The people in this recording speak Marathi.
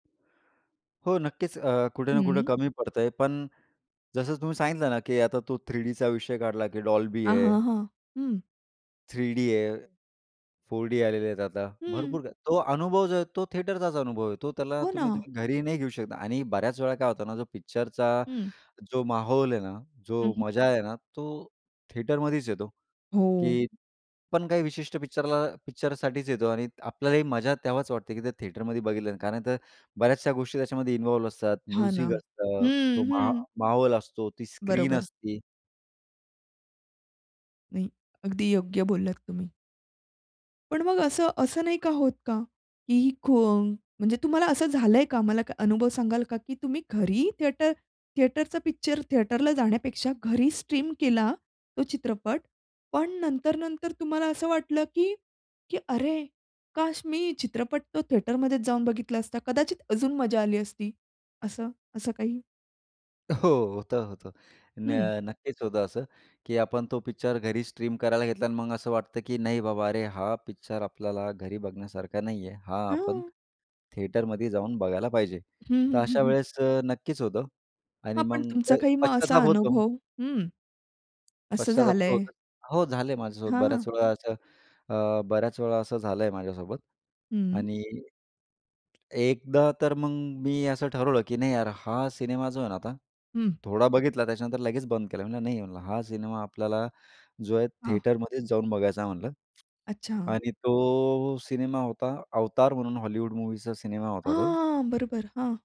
हो. नक्कीच अ, कुठे ना कुठे हं. कमी पडतय पण, जसं तुम्ही सांगितलं ना की आता तो 3 डीचा विषय काढला की डॉल्बी अ, आहे. हां, हं. हं. 3 डी आहे, 4 डी आलेले आहेत आता. हं. भरपूर काही तो अनुभव जो आहे तो थिएटरचा अनुभव येतो त्याला हो तुम्ही ना. तुम्ही घरी नाही घेऊ शकता आणि बऱ्याच वेळा काय होतं ना जो पिक्चरचा हं. जो माहौल आहे ना, हं, जो हं. मजा आहे ना तो थिएटरमध्येच येतो, हो. की पण काही विशिष्ट पिक्चरला पिक्चरसाठीच येतो आणि आपल्यालाही मजा तेव्हाच वाटते की ते थिएटरमध्येच बघितलं नंतर कारण तर बऱ्याचशा गोष्टी त्याच्यामध्ये इन्व्हॉल्व असतात. हां ना. म्युझिक असतं तो हं, मा हं. माहोल असतो ती स्क्रीन बरोबर. असते. नाही. अगदी योग्य बोललात तुम्ही. पण मग असं असं नाही का होत का, ती ही कोण, म्हणजे तुम्हाला असं झालंय का? मला काही अनुभव सांगाल का की तुम्ही घरी थिएटर थिएटरचा पिक्चर थिएटरला जाण्यापेक्षा घरी स्ट्रीम केला तो चित्रपट, पण नंतर-नंतर तुम्हाला असं वाटलं की की अरे, काश मी चित्रपट तो थिएटरमध्येच जाऊन बघितला असता कदाचित अजून मजा आली असती असं असं काही? हो, होतं-होतं न हं. नक्कीच होतं असं, की आपण तो पिक्चर घरी स्ट्रीम करायला घेतला आणि मग असं वाटतं, की नाही बाबा अरे हा पिक्चर आपल्याला घरी बघण्यासारखा नाही आहे. हा आपण हां. थिएटरमध्येच जाऊन बघायला पाहिजे. हं, तर हं, अशा हं. वेळेस अ, नक्कीच होतं हां, आणि पण मग तुमचा प काही मग असा पश्चाताप होतो. अनुभव. हं. असं पश्चाताप तर झालंय? होतोच. हो, झाले माझ्यासोबत हां, हां. बऱ्याच वेळा असं अ, बऱ्याच वेळा असं झालंय माझ्यासोबत हं. आणि एकदा तर मग मी असं ठरवलं की नाही यार हा सिनेमा जो आहे ना आता, हं. थोडा बघितला त्याच्यानंतर लगेच बंद केला, म्हणलं नाही म्हणलं हा सिनेमा आपल्याला जो आहे हां. थिएटरमध्येच जाऊन बघायचा म्हटलं अच्छा. आणि तो सिनेमा होता अवतार म्हणून हॉलिवूड मूव्हीचा सिनेमा होता तो. हां. बरोबर. हां.